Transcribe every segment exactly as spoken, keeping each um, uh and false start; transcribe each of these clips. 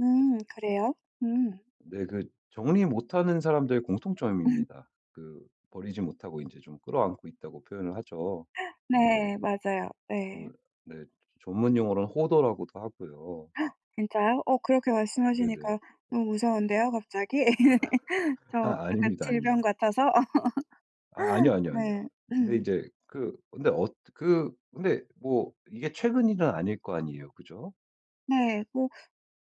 음 그래요? 음. 네. 그 정리 못하는 사람들의 공통점입니다. 그 버리지 못하고 인제 좀 끌어안고 있다고 표현을 하죠. 그리고 인제 네. 맞아요. 예. 그 네 전문용어로는 호더라고도 하고요. 진짜요? 어 그렇게 네네. 말씀하시니까 너무 무서운데요 갑자기 저 아 약간 아닙니다, 질병 아닙니다. 같아서? 아 아니요, 아니요, 네. 아니요. 근데 인제 그 근데 어뜨 그 근데 뭐 이게 최근 일은 아닐 거 아니에요 그죠? 네. 뭐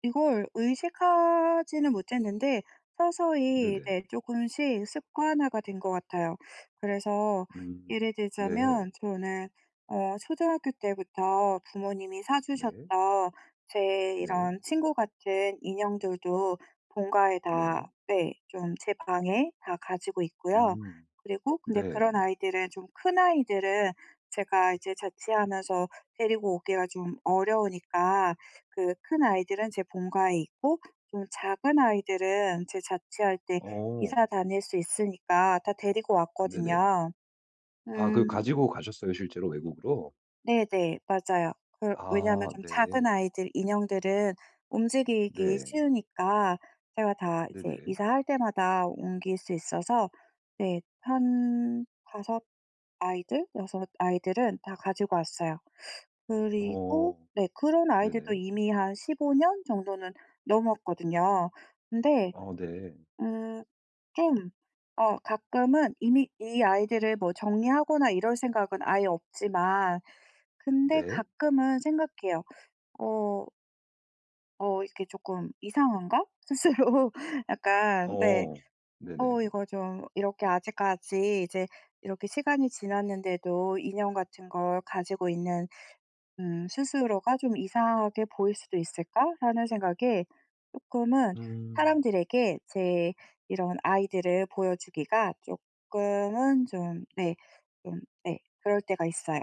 이걸 의식하지는 못했는데 서서히 이제 네네. 쪼끔씩 습관화가 된 것 같아요. 그래서 음 예를 네. 들자면 저는 어 초등학교 때부터 부모님이 사 네. 주셨던 제 네. 이런 친구 같은 인형들도 본가에 네. 다 네 좀 제 방에 다 가지고 있고요. 음. 그리고 근데 네. 그런 아이들은 좀 큰 아이들은 제가 이제 자취하면서 데리고 오기가 좀 어려우니까 그 큰 아이들은 제 본가에 있고 좀 작은 아이들은 제가 자취할 때 어. 이사 다닐 수 있으니까 다 데리고 네네. 왔거든요. 아 그 음. 가지고 가셨어요 실제로 외국으로? 네네. 맞아요. 그 왜냐면 아 좀 네. 작은 아이들 인형들은 움직이기 네. 쉬우니까 제가 다 이제 네네. 이사할 때마다 옮길 수 있어서 네 한 다섯 아이들, 여섯 아이들은 다 가지고 왔어요. 그리고 어 네 그런 아이들도 네네. 이미 한 십오 년 정도는 넘었거든요. 근데 어 네. 음 좀 어 가끔은 이미 이 아이들을 뭐 정리하거나 이럴 생각은 아예 없지만 근데 네. 가끔은 생각해요. '어' '어 이렇게 쪼끔 이상한가?' 스스로 약간 네 어 '어 네네. 이거 좀 이렇게 아직까지 이제 이렇게 시간이 지났는데도 인형 같은 걸 가지고 있는 음 스스로가 좀 이상하게 보일 수도 있을까?'라는 생각에 쪼끔은 음. 사람들에게 제 이런 아이들을 보여주기가 쪼끔은 좀 네 좀 예 그럴 때가 있어요.